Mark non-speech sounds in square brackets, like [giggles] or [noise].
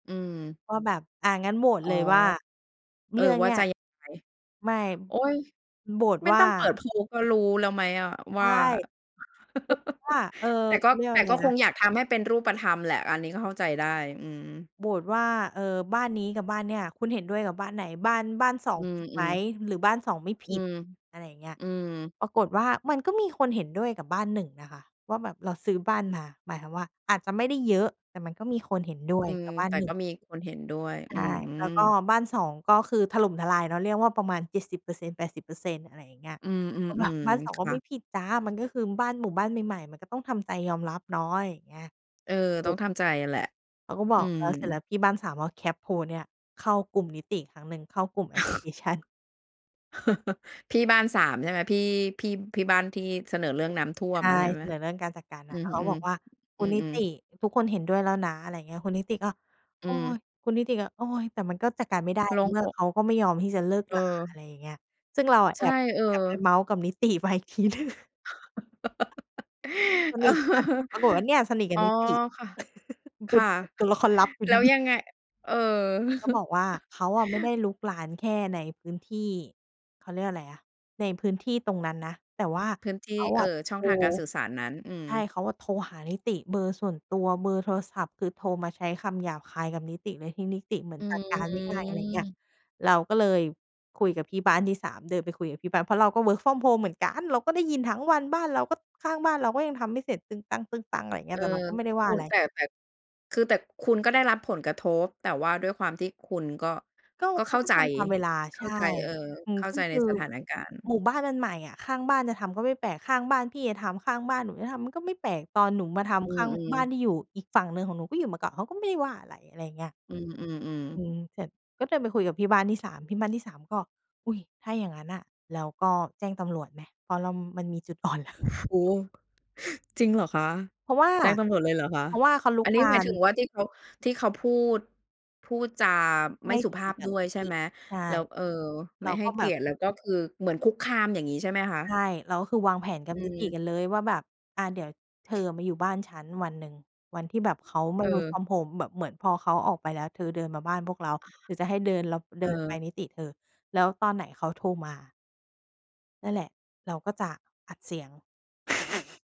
อืม ก็แบบ อา งั้นโหวดอ๋อ เลยว่า เอเรอ ื่องวเ่านี่ย จะยังไง? ไม่ โอ๊ย! โหวตไม่ว่ตา ้องเปิดโพลก็รู้แล้วไหมอะใวช่า ่ คือว่[chuckles] า เออ แต่เกข็ าเรียกวแ่ตา่อะไกร็คนงะ อยากทำให้เป็นรูปธรรมแหละ อันนี้ก็เข้าใจได้ อืม โหวตว่า เอ่อ บ้านนี้กับบ้านเนี่ย คุณเห็นด้วยกับบ้านไหน? บ้าน บ้าน 2 อืผิดไหม? อ ๆ หรือบ้าน 2 ไม่ผอืิด? ม อะไรอย่างเงี้ย อืม ปรากฏว่ามันก็มีคนเห็นด้วยกับบ้าน 1 น่ะค่ะว่า แบบเราซื้อบ้านมา หมายความว่าอาจจะไม่ได้เยอะ แต่มันก็มีคนเห็นด้วอืยม กับบ้าแตน ่หนึ่ก็ง มีคนเห็นด้วย ใอชื่ แล้วก็ม บ้าน 2 ก็คือถล่มทลายเนาะ เรียกว่าประมาณ 70% - 80% อะไรอย่างเงี้ย อืก็แบบ ม บ้าน ๆ สอๆ ง คก็่ไม่ะ ผิดจ้า มันก็คือบ้านหมู่บ้านใหม่ ๆ มันก็ต้องทำใจยอมรับเนาะ อะไรอย่างเนี้ย เออ ถตู้องก ทำใจแหละ เขาก็บออืก แล้ว เสร็จแลม ้วที่บ้าน 3 ก็แคปโพลเนี่ย เข้ากลุ่มนิติอีกครั้งหนึ่ง เข้ากลุ่ม[laughs] แอปพลิเคชัน [chuckles] พี่บ้าน 3 ใช่ไหม? พี่ พี่ พี่บ้านที่เสนอเรื่องน้ำท่วใชม่ อะใช่เสมะ? นอเรื่องการจัดการนอืะ แล้ม วเขๆ าบอกว่า อ"คืุณนิม ติๆ ทุกคนเห็นด้วยแล้วนะ" อะไรอย่างเงี้ย คุณนิติก็ อ"โืออ ย" คุณนิติก็ "โอย" แต่มันก็จัดการไม่ได้โลใน่งเมื่ออก เขาก็ไม่ยอมที่จะเลิกรา อเออ ะไรอย่างเงี้ย ซึ่งเราอะใชแอ่ บ เออ แอบไปเมาท์กับนิติ ไปอีกทีหนึ่ง [chuckles] สเอนอ ิทกัน ปรากฏว่า เนี่ยสนิทกอั๋บอนิติ ค่ะ ค่ะ [chuckles] ตัวละครลับ แล้ว[chuckles] ยังไง? เออ นิติก็บอกว่า [chuckles] เขาไม่ได้รุกรานแค่ในพื้นที่ เขาเรียกอะไรอะ ในพื้นที่ตรงนั้นนะ แต่ว่าพื้นทเีข่ าเออะ่อ โชท่องร ทางการสื่อสารนั้น อืใม ช่ เขาอ่ะโทรหานิติเบอร์ส่วนตัว เบอร์โทรศัพท์คือโทรมาใช้คำหยาบคายกับนิติ โดยที่นิติเหมืออนืจัดการไม่ได้ อะไรอย่างเงี้ย ม เราก็เลยคุยกับพี่บ้านที่ 3 เดินไปคุยกับที่บ้าน เพราะเราก็ Work from home เหมือนกัน เราก็ได้ยินทั้งวัน บ้านเราก็ ข้างบ้านเราก็ยังทำไม่เสร็จ ตึงตัง ๆ อะไรอย่างเงีเ้อย อ แต่เราก็ไม่ได้วค่าุอะณ ไร แต่ แต่ คือแต่คุณก็ได้รับผลกระทบ แต่ว่าด้วยความที่คุณก็ ก็ก็เขเขา้าก็ใจ ทำ ทำเวลา เขใช้า่ ใจ เออ อืเม ข้าก็ใจคในือสถานการณ์ หมู่บ้านมันใหม่อะ ข้างบ้านจะทำก็ไม่แปลก ข้างบ้านพี่จะทำ ข้างบ้านหนูจะทำมันก็ไม่แปลก ตอนหนูมาทอืำ ข้างอ บ้าๆ นที่อยู่อีกฝั่งหนึ่งของหนูก็อยู่มาก่อน เขาก็ไม่ได้ว่าอะไร อะไรอย่างเงี้ย อืม อๆ ๆ ืม เสร็จ ก็เดินไปคุยกับพี่บ้านที่ 3 พี่บ้านที่ 3 ก็ "อุ้ย ถ้าอย่างงั้นน่ะ แล้วก็แจ้งตำรวจไหม?" เพราะเรามันมีจุด อ่อนแล้ว โอ้ จริงเหรอคะ? เพราะว่า แจ้งตำรวจเลยหรอคะ? เพราะว่าเขารุอักนนี้รหมาายถึน งว่าที่เขา ที่เขาพูด พูดจาไมไม่่สุดีภาพกดับ้วนยิใชต่ิ ไหม? ใช่ แล้ว เออ เไมร่าให้ก็เแกบียบ รติ แล้วก็คือเหมือนคุกคาม อย่างงี้ใช่ไหมคะ? ใช่ เราก็คือวางแผนกับอนิติือ กันเลยว่าแบบ อา เดี๋ยวเธออะมาอยู่บ้านฉันวันหนึ่ง วันที่แบบเขาไม่ เWork ออ from home แบบเหมือนพอเขาออกไปแล้วเธอเดินมาบ้านพวกเรา หรือจะให้เดิน แล้วเเดินไออ ปนิติเธอ แล้วตอนไหนเขาโทรมา นั่นแหละ เราก็จะอัดเสียง [giggles]